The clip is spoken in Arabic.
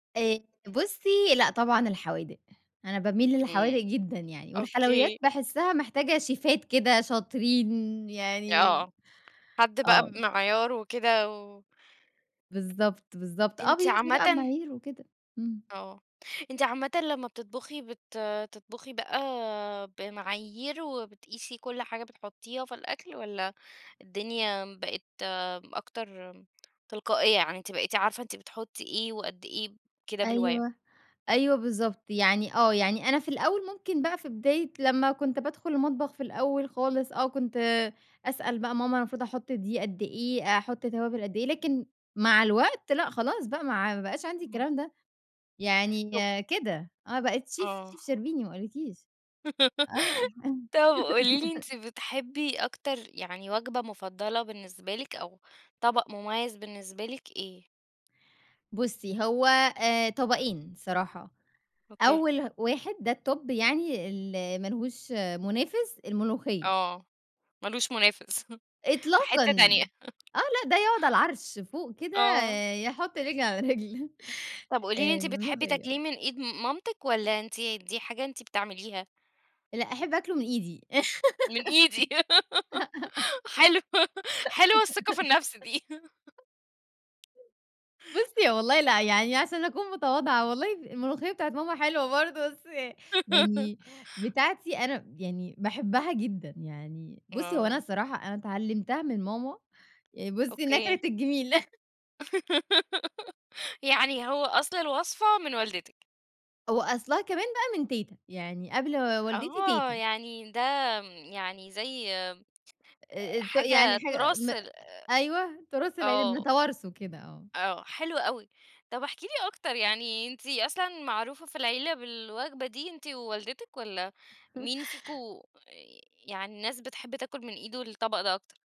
آآ بُصّي، لأ طبعًا الحوادق. أنا باميل للحوادق إمم. جدًا يعني، والحلويات أوكي. باحسِّها محتاجة شيفات كده شاطرين ي آه، يعني آه. حد بقى آه. بمعيار وكده و بالضبط، بالضبط. آه، أنتِ بيمشوا بقى عامةً بمعايير وكده، إمم. آه. أنتِ عامةً لمّا بتطبُخي بت بتطبُخي بقى بمعايير وبتقيسي كل حاجة بتحُطّيها في الأكل والّا الدنيا بقت أكتر تلقائية؟ يعني أنتِ بقيتِ عارفة أنتِ بتحُطّي إيه وقد إيه كده بالواي أيوه، أيوه بالضبط. يعني آه. يعني أنا في الأول ممكن بقى في بداية لمّا كنت بادخُل المطبخ في الأول خالص آه، كنت أسأل بقى ماما المفروض أحُط دي قد إيه؟ أحُط توابِل قد إيه؟ لكن مع الوقت، لأ خلاص بقى مع ما بقاش عندي إمم. الكلام ده. يعني كده، أنا بقيت شيف آه. شيف شربيني ما أقول لكيش. آه. طب قولي لي أنتِ بتحبّي أكتر يعني وجبة مُفضّلة بالنسبة لِك أو طَبَق مُميّز بالنسبة لِك إيه؟ بُصّي، هو آآ طبقين الصراحة، أوكي. أول واحد ده الTop يعني ال ما لهوش مُنافِس، الملوخية. آه. ما لهوش منافس. في حتّة إطلاقًا. تانية. آه. لأ ده يقعد على العَرْش فوق كده آه. يحُط رِجل على رِجل. طب قولي لي أنتِ بتحبّي الملوخية تاكليه آه. من إيد مامتِك والّا أنتِ دي حاجة أنتِ بتعمليها؟ لأ، أحب آكلُه من إيدي. من إيدي. حلو، حلوة الثقة في النفس دي. بُصّي، هو والله لأ، يعني عشان أكون متواضعة والله الملوخية بتاعة ماما حلوة برضه، بس ي يعني بتاعتي أنا يعني باحبها جدًا. يعني بُصّي، هو أنا آه. الصراحة أنا اتعلِّمتها من ماما آآ بُصّي، ناكرة أوكي. الجِميل. يعني هو أصل الوصفة من والدتِك. وأصلها كمان بقى من تيتة. يعني قبل و والدتي، آه. تيتة. يعني ده م يعني زي آآ آآ ت يعني حاجة حاجة تُراث م ال أيوه. تُراث العيلة آه. بنتوارثه كده آه. آه، حلو أوي. طب احكي لي أكتر، يعني أنتِ أصلًا معروفة في العيلة بالوجبة دي أنتِ ووالدتِك والّا مين فيكم يعني الناس بتحب تاكُل من إيده الطَبَق ده أكتر؟